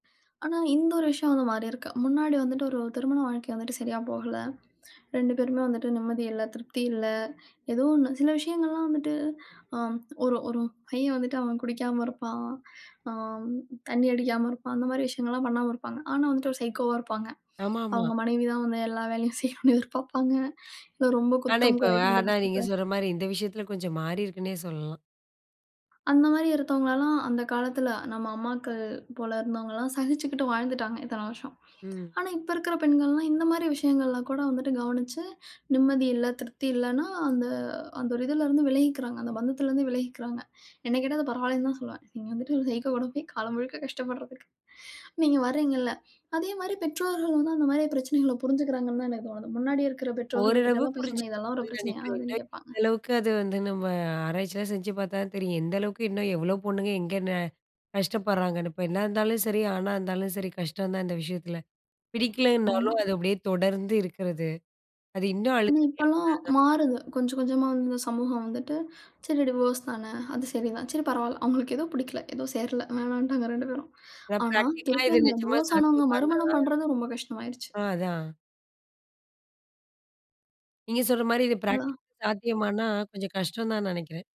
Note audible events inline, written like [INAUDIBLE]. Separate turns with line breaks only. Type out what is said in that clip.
ஆனா, இந்த ஒரு விஷயம் வந்து மாறி இருக்கு. முன்னாடி வந்துட்டு, ஒரு திருமண வாழ்க்கை வந்துட்டு சரியா போகல, 2 பேருமே வந்துட்டு நிம்மதி இல்ல, திருப்தி இல்ல, ஏதோ ஒண்ணு. சில விஷயங்கள்லாம் வந்துட்டு அ, ஒரு ஒரு பையன் வந்துட்டு அவன் குடிக்காம இருப்பான், ஆ தண்ணி அடிக்காம இருப்பான், அந்த மாரி விஷயங்கள்லாம் பண்ணாம இருப்பாங்க. ஆனா, வந்துட்டு சைக்கோவா இருப்பாங்க.
ஆமாமா.
அவங்க மனைவி தான் வந்து எல்லா வேலையும் செய்யணும்னு எதிர்பார்ப்பாங்க. இல ரொம்ப
ஆனா,
குத்தம்
இப்ப
குறை
ஆனா,
கண்டுபிடிச்சு
நீங்கச்
பேசறது
சொல்ற மாரி இந்த விஷயத்துல கொஞ்சம் மாறியிருக்குன்னே சொல்லலாம்.
அந்த மாரி, இருத்தவங்கல்லாம் அந்தக் காலத்துல, நம்ம அம்மாக்கள் போல இருந்தவங்கலாம் சகிச்சுக்கிட்டு வாழ்ந்துட்டாங்க இத்தனை வருஷம்.
ம்.
ஆனா, இப்ப இருக்குற பெண்கள்லாம் இந்த மாரி விஷயங்கள்லாம் கூட வந்துட்டு கவனிச்சு நிம்மதி இல்ல, திருப்தி இல்லைன்னா அந்த அந்த ஒரு இதுல இருந்து விலகிக்கிறாங்க. அந்த, பந்தத்துல இருந்து விலகிக்கிறாங்க. என்னகேட்ட, அது பரவால்லன்னுதான் சொல்லுவேன். இங்க இருந்துட்டு, ஒரு சைக்கோ கூட போய் காலம் முழுக்க கஷ்டப்படுறதுக்கு. நீங்க வர்றீங்க இல்ல. அதே மாரி பெற்றோர்களும், அந்த மாரி, பிரச்சனைகளை புரிஞ்சுக்கிறாங்கன்னுதான் எனக்குத் தோணுது. முன்னாடி இருக்கிற,
ஓரளவு
பெற்றோர்கள்கிட்டல்லாம் போய்
புரிஞ்சு
சொன்னா, இதெல்லாம் ஒரு
[UNINTELLIGIBLE]
பிரச்சனையா?
நெனைக்கிறேன். [UNINTELLIGIBLE]
அப்படின்னு, கேட்பாங்க.
எந்த அளவுக்கு அது வந்து நம்ம ஆராய்ச்சிலாம் செஞ்சு பார்த்தா தான் தெரியும். எந்தளவுக்கு இன்னும் எவ்ளோ பொண்ணுங்க எங்க ந கஷ்டப்படுறாங்கனு, பெண்ணா இருந்தாலும் சரி, ஆணா இருந்தாலும் சரி, கஷ்டம்தான் இந்த விஷயத்துல.
ஆமா.
பிடிக்கலைனாலும் அது அப்படியே தொடர்ந்து இருக்கறது. அது இன்னும்
ஆனா,
அழுத்தம்
இப்பலாம்
[UNINTELLIGIBLE]
மாறுது. கொஞ்சம், கொஞ்சமா இந்தச் சமூகம் வந்துட்டு, சரி டிவோர்ஸ்தானே அது சரிதான். சரி பரவாயில்ல, அவங்களுக்கு ஏதோ பிடிக்கல, ஏதோ சேரல, வேணாம்ன்டா வேற 2 பேரும்.
அதான்
ஆனா,
பிராக்டிகல்லா
திருப்பி
இது
அந்த
நிஜமா
டிவோர்ஸ் ஆனவங்க
சாத்தியமான்னா?
மறுமணம் பண்றது ரொம்ப கஷ்டமாயிருச்சு.
அ, அதான். நீங்கச் சொல்ற மாரி இது
அவ்ளோதான்.
பிராக்டிகல்க்கு சாத்தியமானா கொஞ்சம் கஷ்டம்தான் நினைக்கிறேன்.